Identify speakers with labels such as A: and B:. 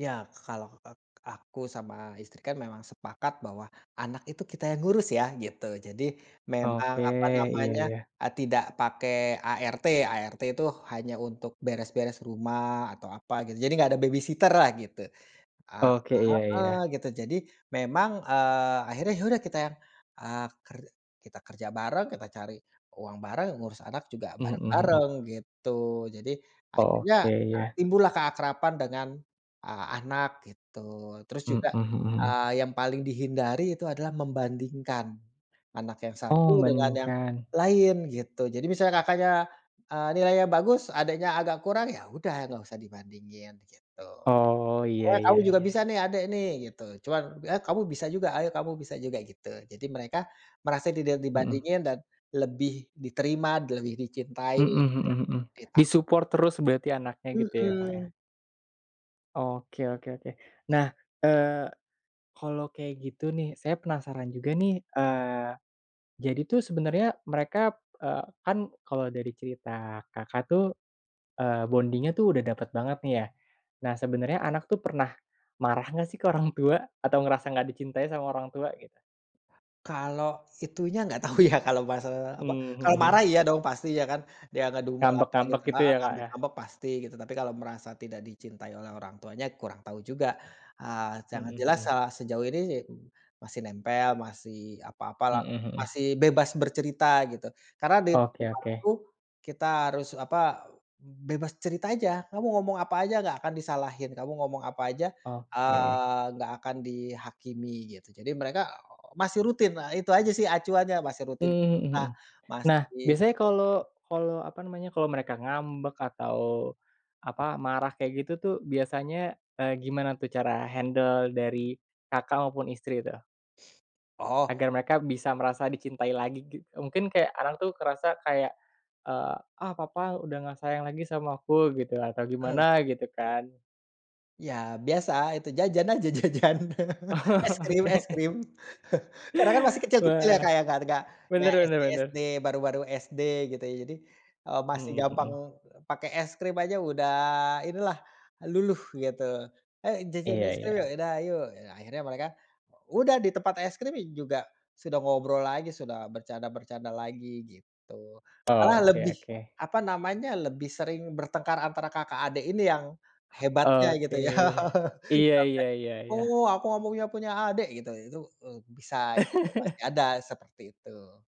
A: Ya kalau ek aku sama istri kan memang sepakat bahwa anak itu kita yang ngurus ya gitu jadi memang
B: Oke
A: apa
B: iya
A: namanya
B: iya.
A: a tidak pakai ART, ART tuh hanya untuk beres-beres rumah atau apa gitu jadi gak ada babysitter-lah gitu.
B: Oke iya
A: Heeh,
B: iya.
A: gitu jadi memang, eee, akhirnya ya udah kita yang, eee, ker kita kerja bareng, kita cari uang bareng, ngurus anak juga
B: Mhm mhm.
A: bareng-bareng gitu jadi akhirnya
B: Oke iya.
A: timbullah keakraban dengan, eee, anak gitu terus
B: Mhm
A: juga,
B: mhm.
A: eee, yang paling dihindari itu adalah membandingkan, anak yang satu
B: Oh
A: dengan yang
B: bandingkan.
A: lain gitu jadi misalnya kakaknya, eee, nilainya bagus adiknya agak kurang ya udah gak usah dibandingin gitu,
B: Oh iya
A: "Pokoknya kamu
B: iya
A: juga
B: iya
A: bisa
B: iya.
A: nih adek nih," gitu. Cuman ya, "Kamu bisa juga ayo kamu bisa juga," gitu jadi mereka merasa tidak
B: Mhm.
A: dibandingin dan lebih diterima lebih dicintai
B: Mhm
A: gitu
B: mhm
A: ya.
B: mhm,
A: Dita
B: di-support terus berarti anaknya gitu ya Kak, ya?
A: Mhm.
B: Oke oke oke nah, eee, kalau kayak gitu nih saya penasaran juga nih, eee, jadi tuh sebenernya mereka, eee, kan kalau dari cerita Kakak tuh, eee, bonding-nya tuh udah dapet banget nih ya, nah sebenernya anak tuh pernah, marah gak sih ke orang tua? Atau ngerasa gak dicintai sama orang tua gitu?
A: Kalau itunya gak tahu ya kalau masalah apa,
B: Mmm,
A: kalau
B: mhm
A: marah
B: mhm.
A: iya dong pasti ya kan, dia ngedumel
B: Ngambek
A: apa
B: ngambek
A: gitu
B: gitu
A: heeh,
B: ya Kak, ya?
A: ngambek-ngambek pasti gitu, tapi kalau merasa tidak dicintai oleh orang tuanya kurang tahu juga, eee, yang
B: Mhm
A: jelas,
B: mhm.
A: eee, sejauh ini, masih nempel, masih apa-apa lah,
B: Mhm mhm.
A: masih bebas bercerita gitu. Karena di
B: Oke
A: rumah
B: oke.
A: tuh kita harus apa, bebas cerita aja kamu ngomong apa aja gak akan disalahin, kamu ngomong apa aja,
B: Oke.
A: eee, gak akan dihakimi gitu jadi mereka masih rutin nah itu aja sih acuannya masih
B: Mmm,
A: rutin
B: mhm
A: cerita
B: mhm, nah
A: masih
B: biasanya kalau kalau apa namanya kalau mereka ngambek atau, apa marah kayak gitu tuh biasanya, eee, gimana tuh cara handle dari, Kakak, maupun istri tuh?
A: Oh.
B: Agar mereka bisa merasa dicintai lagi gi mungkin kayak anak tuh ngerasa kayak, eee, ah, papa udah gak sayang lagi sama aku gitu atau
A: Mmm.
B: gimana gitu kan.
A: Ya biasa itu jajan aja jajan es krim es
B: Oke.
A: krim karena kan masih kecil-kecil ya
B: Wah,
A: Kak, ya gak gak ya
B: bener bener
A: SD
B: bener.
A: SD, baru-baru SD gitu ya jadi, eee, masih
B: Mhm
A: gampang
B: mhm.
A: pakai es krim aja udah inilah luluh gitu, "Ayo jajan
B: Iya
A: es krim yuk,"
B: iya.
A: "Ya udah ayo." Ya akhirnya mereka, udah di tempat es krim juga sudah ngobrol lagi sudah bercanda-bercanda lagi gitu, malah
B: Oke
A: lebih
B: oke.
A: apa namanya, lebih sering bertengkar antara kakak adek ini yang hebatnya gitu
B: Oke,
A: ya
B: iya iya
A: sampai,
B: iya iya.
A: "Oh aku gak mau punya adek," gitu itu bisa gitu masih ada seperti itu.